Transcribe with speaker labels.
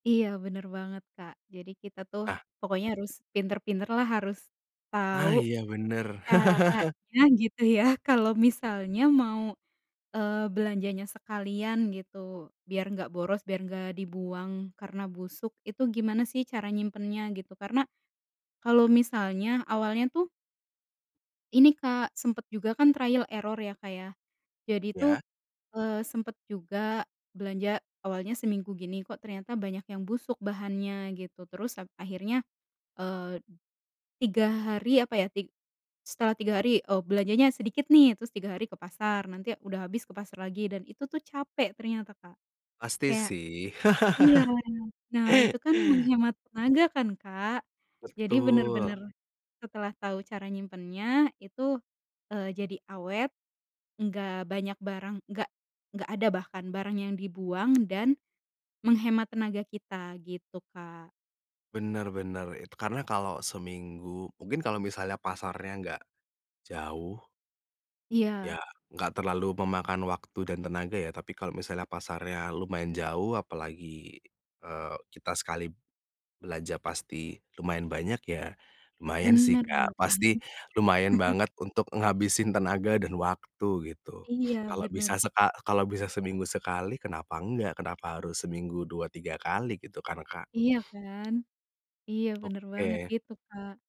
Speaker 1: Iya, bener banget, Kak. Jadi, kita tuh, ha
Speaker 2: Nah.
Speaker 1: pokoknya harus pinter-pinterlah, harus
Speaker 2: Ah,
Speaker 1: tau
Speaker 2: iya, bener.
Speaker 1: caranya, gitu, ya, kalau misalnya mau, eee, belanjanya sekalian gitu, biar nggak boros, biar nggak dibuang karena busuk, itu gimana, sih, cara nyimpennya, gitu, karena kalau misalnya awalnya, tuh ini, Kak, sempet juga kan, trial error, ya, Kak, ya. Jadi tuh,
Speaker 2: Iya.
Speaker 1: eee, sempet juga belanja, awalnya seminggu gini, kok, ternyata banyak yang busuk, bahannya gitu, terus ap akhirnya, eee, 3 hari apa, ya. Tig setelah 3 hari, oh, belanjanya sedikit, nih, terus 3 hari ke pasar, nanti udah habis, ke pasar lagi, dan itu, tuh, capek ternyata, Kak,
Speaker 2: Pasti,
Speaker 1: kayak
Speaker 2: sih.
Speaker 1: iya, nah, itu kan, menghemat tenaga kan, Kak. Jadi,
Speaker 2: Betul.
Speaker 1: bener-bener, setelah tau cara nyimpennya itu, eee, jadi awet, enggak banyak barang, nggak nggak ada bahkan barang yang dibuang, dan menghemat tenaga kita, gitu, Kak.
Speaker 2: Bener bener, itu karena kalau seminggu mungkin kalau misalnya pasarnya nggak jauh ya,
Speaker 1: Iya.
Speaker 2: enggak terlalu memakan waktu dan tenaga, ya, tapi kalau misalnya pasarnya lumayan jauh, apalagi, eee, kita sekali belanja, pasti lumayan banyak, ya, lumayan sih,
Speaker 1: Bener bener
Speaker 2: Kak,
Speaker 1: banget.
Speaker 2: pasti, lumayan banget untuk ngabisin tenaga dan waktu, gitu.
Speaker 1: Iya,
Speaker 2: Kalau bisa
Speaker 1: bener.
Speaker 2: seka kalau bisa seminggu sekali, kenapa enggak, kenapa harus, seminggu 2, 3 kali, gitu kan, Kak?
Speaker 1: Iya kan. Iya, bener banget,
Speaker 2: Oke.
Speaker 1: gitu, Kak.